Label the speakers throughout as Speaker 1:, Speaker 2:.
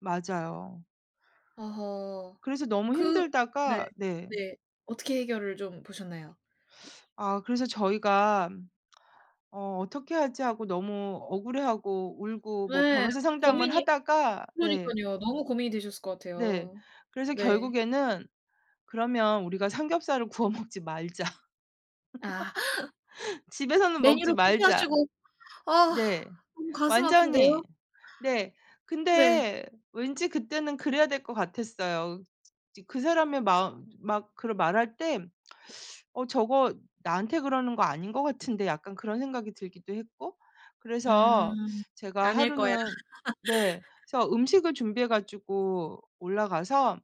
Speaker 1: 맞아요.
Speaker 2: 어허
Speaker 1: 그래서 너무
Speaker 2: 그 네.
Speaker 1: 힘들다가 네.
Speaker 2: 네. 어떻게 해결을 좀 보셨나요?
Speaker 1: 아 그래서 저희가 '어 어떻게 하지?' 하고 너무 억울해하고 울고 뭐
Speaker 2: 예.
Speaker 1: 변호사 상담을
Speaker 2: 고민이
Speaker 1: 하다가 네.
Speaker 2: 그러니깐요. 너무 고민이 되셨을 것
Speaker 1: 네.
Speaker 2: 같아요.
Speaker 1: 그래서
Speaker 2: 네.
Speaker 1: 결국에는 "그러면 우리가 삼겹살을 구워 먹지 말자.
Speaker 2: 아.
Speaker 1: 집에서는 먹지
Speaker 2: 메뉴를
Speaker 1: 말자."
Speaker 2: 포기하시고 아
Speaker 1: 네.
Speaker 2: 너무 가슴
Speaker 1: 완전히.
Speaker 2: 아픈데요.
Speaker 1: 네
Speaker 2: 네.
Speaker 1: 근데 왠지 그때는 그래야 될 것 같았어요. 지 그 사람의 마음 막 그르 말할 때 '어 저거 나한테 그러는 거 아닌 것 같은데.' 약간 그런 생각이 들기도 했고 그래서
Speaker 2: 음
Speaker 1: 제가
Speaker 2: 아닐 거야.
Speaker 1: 하루는 네 그래서 음식을 준비해 가지고 올라가서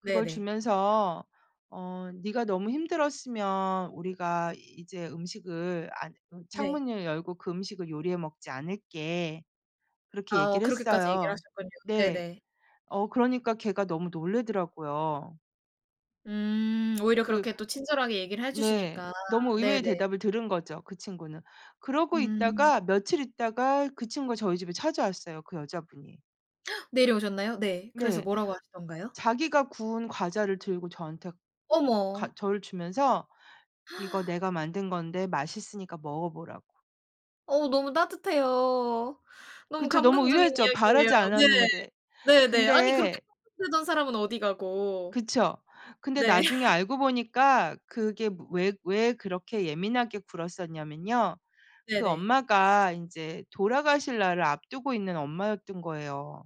Speaker 1: 그걸
Speaker 2: 네네.
Speaker 1: 주면서 어 "네가 너무 힘들었으면 우리가 이제 음식을 안
Speaker 2: 네.
Speaker 1: 창문을 열고 그 음식을 요리해 먹지 않을게." 그렇게
Speaker 2: 아
Speaker 1: 얘기를
Speaker 2: 그렇게까지 얘기를
Speaker 1: 했어요.
Speaker 2: 하셨군요.
Speaker 1: 네.
Speaker 2: 네네.
Speaker 1: 어 그러니까 걔가 너무 놀라더라고요.
Speaker 2: 음 오히려
Speaker 1: 그
Speaker 2: 그렇게 또 친절하게 얘기를 해
Speaker 1: 네.
Speaker 2: 주시니까.
Speaker 1: 너무 의외의
Speaker 2: 네네.
Speaker 1: 대답을 들은 거죠 그 친구는. 그러고
Speaker 2: 음.
Speaker 1: 있다가 며칠 있다가 그 친구가 저희 집에 찾아왔어요 그 여자분이.
Speaker 2: 내려오셨나요? 네. 그래서
Speaker 1: 네.
Speaker 2: 뭐라고 하시든가요?
Speaker 1: 자기가 구운 과자를 들고 저한테
Speaker 2: 어머.
Speaker 1: 가 저를 주면서 "이거 내가 만든 건데 맛있으니까 먹어 보라고."
Speaker 2: 어 너무 따뜻해요. 너무
Speaker 1: 그쵸. 너무
Speaker 2: 감동적인
Speaker 1: 의외죠.
Speaker 2: 이야기에요.
Speaker 1: 바라지
Speaker 2: 네.
Speaker 1: 않았는데
Speaker 2: 네네. 아니 그렇게
Speaker 1: 근데
Speaker 2: [unintelligible] 대던 사람은 어디 가고.
Speaker 1: 그쵸. 근데
Speaker 2: 네.
Speaker 1: 나중에 알고 보니까 그게 무 왜 왜 그렇게 예민하게 굴었었냐면요. 그
Speaker 2: 네네.
Speaker 1: 엄마가 인제 돌아가실 날을 앞두고 있는 엄마였던 거예요.